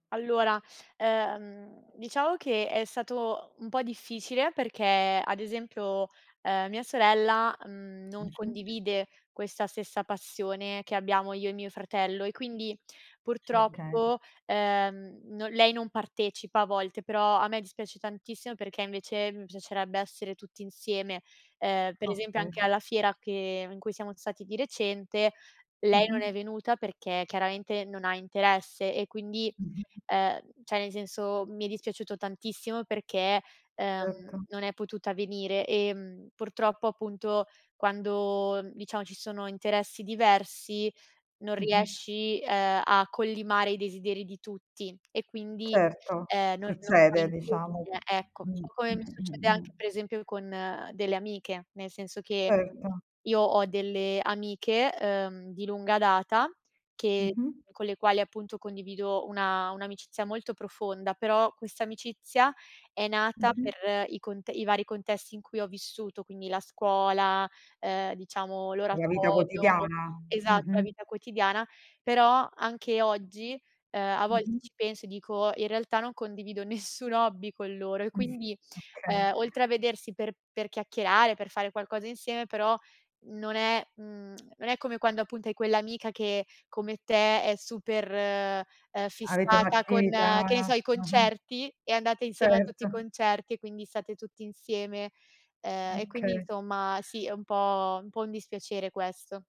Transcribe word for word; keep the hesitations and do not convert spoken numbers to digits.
Allora, ehm, diciamo che è stato un po' difficile perché ad esempio, uhm, mia sorella, mhmm, non Mh-mh. condivide questa stessa passione che abbiamo io e mio fratello e quindi Okay. purtroppo, ehm, non lei non partecipa a volte, però a me dispiace tantissimo perché invece mi piacerebbe essere tutti insieme. Ehm, per esempio Okay. anche alla fiera che in cui siamo stati di recente lei non Mh-mh. è venuta perché chiaramente non ha interesse e quindi, Mh-mh. ehm, ceh, nel senso, mi è dispiaciuto tantissimo perché, ehm, Erto. non è potuta venire e purtroppo appunto quando, diciamo, ci sono interessi diversi non Mh-mh. riesci, uhm, a collimare i desideri di tutti e quindi, Certo. ehm, non Succede, normalizzi diciamo. che ecco. Un Mh, po' come mi mh, succede mh, anche mh. per esempio con delle amiche, nel senso che Certo. io ho delle amiche, uhm, di lunga data, che Mh-mh. con le quali appunto condivido una un'amicizia molto profonda, però questa amicizia è nata Mh-mh. per i cont i vari contesti in cui ho vissuto, quindi la scuola, ehm, diciamo, La vita l'oratorio quotidiana. esatto, la Mh-mh. vita quotidiana, però anche oggi, ehm, a volte Mh-mh. ci penso e dico: "In realtà non condivido nessun hobby con loro", e Mh, quindi, okay. ehm, oltre a vedersi per per chiacchierare, per fare qualcosa insieme, però non è mhmm, non è come quando appunto hai quell'amica che come te è super, uhm, Avete fissata con, che ne un'attività so, i mh-mh. concerti e andate insieme a tutti i Certo. concerti e quindi state tutti insieme, uhm, e quindi, Okay. insomma, sì, è un po' un po' dispiacere questo.